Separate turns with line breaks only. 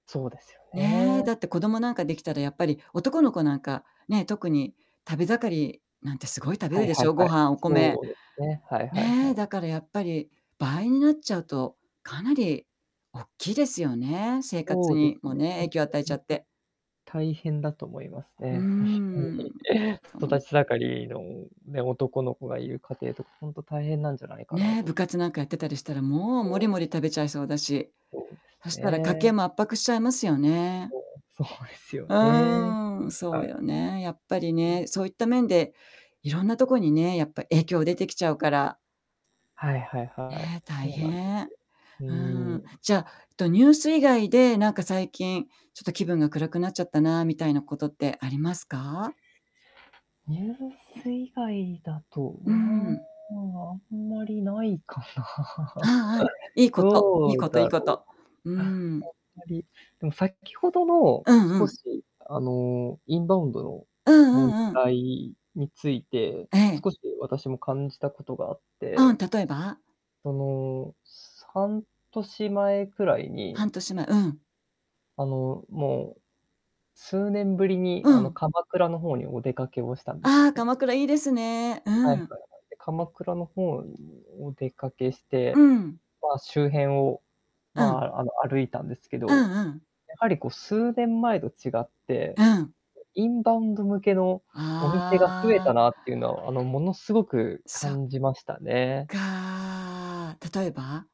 そうですよ
ねえ、
ね。
だって子供なんかできたらやっぱり男の子なんか、ね、特に食べ盛りなんてすごい食べ
は
る
い
で
は
し
い
ょう？
は
ご
い。
飯、お米、
そうですね。はいはい
ね
は
え、
い。
だからやっぱり倍になっちゃうとかなりおっきいですよね。生活
そうです
にも
ね、
ね、影響を与えちゃって。
大変だと思います
う
ね。ほん
ん。
とに、
頼
育
む。
ち盛りのね、男の子がいる家庭とかほんと大変なんじゃないかな
ね、
と。
部活なんかやってたりしたら、もうもり
そ
も
う
り食
す。
べちゃいそうだし。
そうで
そ
す
したら家
ね。
計も圧迫しちゃいますよね。
うん、そうですよ
う
ね。
ーん、そ
は
うよね、やっぱり
い。うん。
ね。そういった面でいろんなとこにね、やっぱ影響出てきちゃうから。
はいはい
え
はい。
え、大
そうなんで
変。
すよ。う
うーん、
ーん。
じゃ、とニュース以外でなんか最近ちょっと気分が暗くなっちゃったなあ、みたいなことってありますか？
ニュース以外だと
う
は、
ん。
あんまりないか
あ
な。
あああ、いいこと。
ど
いい
う
ことい
だ
い
ろ
こ
う。
と。う
あん
ーん。
まり。でも先ほどの、
うんう
少
ん。
しあのインバウンドの
うんう
問
んうん。
題について、
ええ。
少し私も感じたことがあっ
あ
て。
あ、例えば？
その、す半年前くらい
半
に
年前、うん。
あの、もう数年ぶりに
う
あの
ん。
鎌倉の方にお出かけをしたんです
ああ、
ね。
鎌倉いいですね。う
はい
ん。
はいはい。で、鎌倉の方ぬお出かけし
う
て、
ん。
まあ周辺を
う
ま
ん。
あ、あの歩いたんですけ
う
ど、
んうん。
やはりこう数年前と違って、
うん。
インバウンド向けのお店が増え
ああ。
たなっていうのはあの、ものすごく
そっ
感じましたね。
かあ。例えば？